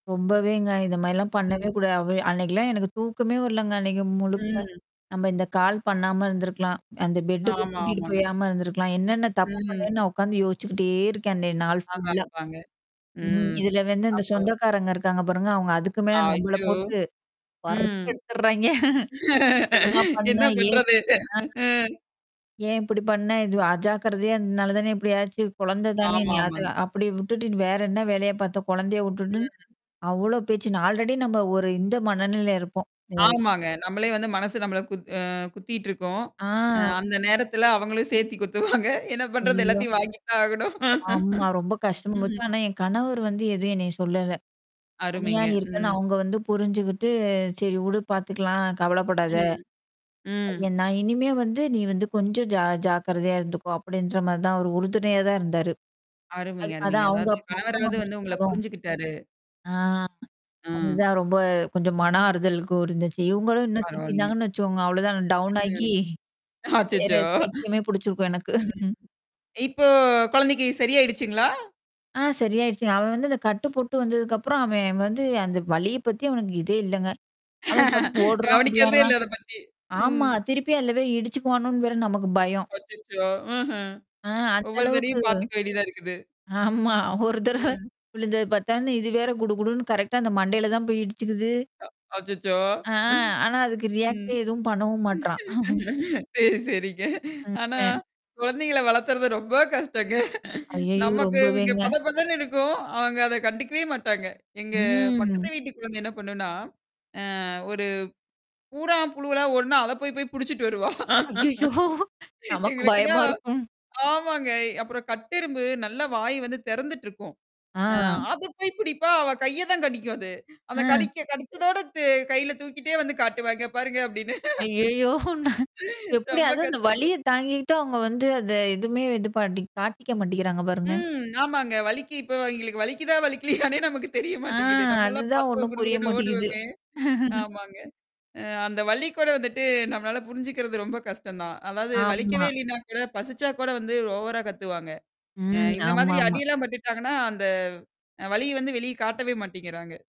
ரொம்பவேங்க, இந்த மாரிலாம் பண்ணவே ம். கூடாது. அவ அன்னைக்கலாம் எனக்கு தூக்கமே வரலங்க, அன்னைக்கு முழுக்க. ம். நம்ம இந்த கால் பண்ணாம இருந்திருக்கலாம். அந்த பெட்டுக்கு ஆமா, கூட்டிட்டு ஆமாங்க. போயாம இருந்திருக்கலாம். என்னென்ன தப்பு ம். பண்ணேன்னு நான் உட்கார்ந்து யோசிச்சுக்கிட்டே இருக்கேன் அந்த நாள் ஆமாங்க, ஃபுல்லா. ஆமாங்க. ம்ஹ. ம். இதுல வந்து இந்த அப்போ சொந்தக்காரங்க இருக்காங்க பாருங்க, அவவுங்க அதுக்கு மேல ஆ, நம்பள ஆச்சோ! போட்டு ம். வறுத்து எடுத்துர்றாய்ங்க! என்ன பண்ண? என்ன ஏன் பண்றது? பண்ண? அ. ஏன் இப்படி பண்ண? இது அஜாக்கிரதையா அதனால தான இப்படி ஆச்சு குழந்த தானே நீ அத ஆமாமாங்க. அப்படிவுட்டுட்டு வேற என்ன வேலையா பாத்த? கொழந்தையவுட்டுட்டுன்னு, ம். அவ்ளோ பேச்சு நா ஆல்ரெடி நம்ம ஒரு இந்த மனநிலை இருப்போம். [unintelligible] ஆமாங்க. நம்மளே வந்து மனசு நம்மள குத் அ குத்தீட்டுருக்கும். அ ஆ. அந்த நேரத்துல அவங்களும் சேத்தி குத்துவாங்க. என்ன பண்றது ஐய்யயோ! எல்லாத்தையும் வாங்கி தான் ஆகணும். ஆமா. ரொம்ப கஷ்டமா போச்சு, ம். ஆனா என் கணவர் வந்து எதுவும் என்னைய சொல்லல. தனியா அருமைங்க. இருக்கேன்னு ம். அவங்க வந்து புரிஞ்சுகிட்டு "சரி உடு. பாத்துக்கலாம் கவலப்படாத. ம். ம். ஏ நான் இனிமே வந்து நீ வந்து கொஞ்சம் ஜா ஜாக்கிரதையா இருந்துக்கோ" அப்படின்ற மாரி தான் அவர் உறுதுணையா தான் இருந்தாரு. அது அருமைங்க, அருமைங்க. அதான் அவுங்க அதாவது மத்தவங்க கணவராவது அப்டி வந்து உங்கள சொன்னாலும். புரிஞ்சுகிட்டாரு. ஆ. ம். அதுதான் ரொம்ப கொஞ்சம் மன ஆறுதலுக்கும் இருந்துச்சு. இவவுங்களும் இன்னும் பரவால்லைங்க. திட்டியிருந்தாங்கன்னு வச்சுக்கோங்க, அவ்வளோதான் டவுன் ஆகி, வேற அச்சச்சோ! பைத்தியமே புடிச்சிருக்கும் எனக்கு. ம். இப்போ குழந்தைக்கு சரியாயிடுச்சுங்களா? ஆ சரியாயிடுச்சுங்க. அவன் வந்து அந்த கட்டு போட்டு வந்ததுக்கப்புறம் அவன் வந்து அந்த வலிய பத்தி அவனுக்கு இதே இல்லங்க. அவன் பாட்டுக்கு ஓடுறான் கவனிக்கிறதே ஓடியாடுறான். இல்ல. அத பத்தி. ஆமா, ம். திருப்பி அதுல போய் இடிச்சுக்குவணோனு வேற நமக்கு பயம். அச்சச்சோ! ம்ஹ்ம். ஆ அந்த ஒவ்வொரு அளவுக்கு தடவையும் பாத்துக்க வேண்டியதா இருக்குது. ஆமா. ஒரு தடவ ம். விழுந்தது பத்தான்னு இது வேற குடு குடுன்னு கரெக்ட்டா அந்த மண்டையில தான் போய் இடிச்சுக்குது. அ, அச்சச்சோ! ஆ, ஆனா அதுக்கு ரியாக்டே ம். எதுவும் பண்ணவும் மாட்றான். சரி, சரிங்க. ஆனா, [unintelligible] குழந்தைங்கள்ல வளர்த்தறது ரொம்ப கஷ்டங்க. ஐயய்யோ! நமக்கு இங்க ரொம்பவேங்க. பத பதன்னு இருக்கும், அவங்க அத கண்டுக்கவே மாட்டாங்க. எங்க ம். பக்கத்து வீட்டு குழந்தை என்ன பண்ணுனா? அ ஒரு, பூறான், புழுவலாம் ஒடன அத போய் போய் புடிச்சுட்டு வருவா. ஐயய்யோ! நமக்கு எங்களுக்குன்னா பயமா இருக்கும். ஆமாங்க. அப்புறம் கட்டெறும்பு நல்ல வாய் வந்து திறந்துட்டுருக்கும். அ ஆ. அத போய் பிடிப்பா அவ கைய தான் கடிக்கும் அது. அந்த ஆ. கடிக்க கடிச்சதோட த கையில தூக்கிட்டே வந்து காட்டுவாங்க பாருங்க அப்பிடின்னு. ஐயய்யோ! நா எப்படி ரொம்ப அதான் அந்த கஷ்டங்க. வலிய தாங்கிட்டு அவங்க வந்து அத எதுவுமே வந்து பாட்டி காட்டிக்க மாட்டேங்கிறாங்க பாருங்க. ம். ஆமாங்க. வலிக்கு இப்ப அவங்களுக்கு வலிக்குதான் வலிக்கலையனே நமக்கு தெரிய ஆ மாட்டேங்குது. நம்மலாம் அதுதான் பாத்தா ஒண்ணும் குடு புரிய குடுன்னு மாட்டீங்குது. ஓடுவோமே ஆமாங்க, அ அந்த வலிக்கூட வந்துட்டு நம்மளால புரிஞ்சுக்கிறது ரொம்ப கஷ்டம் தான். அதாவது வலிக்கவே ஆமா. இல்லனா கூட, பசிச்சா கூட வந்து ஓவரா கத்துவாங்க. அ ம். இந்த மாதிரி ஆமாமா. அடியெல்லாம் பட்டுட்டாங்கன்னா, அந்த அ வலிய வந்து வெளிய காட்டவே மாட்டீங்கிறாங்க.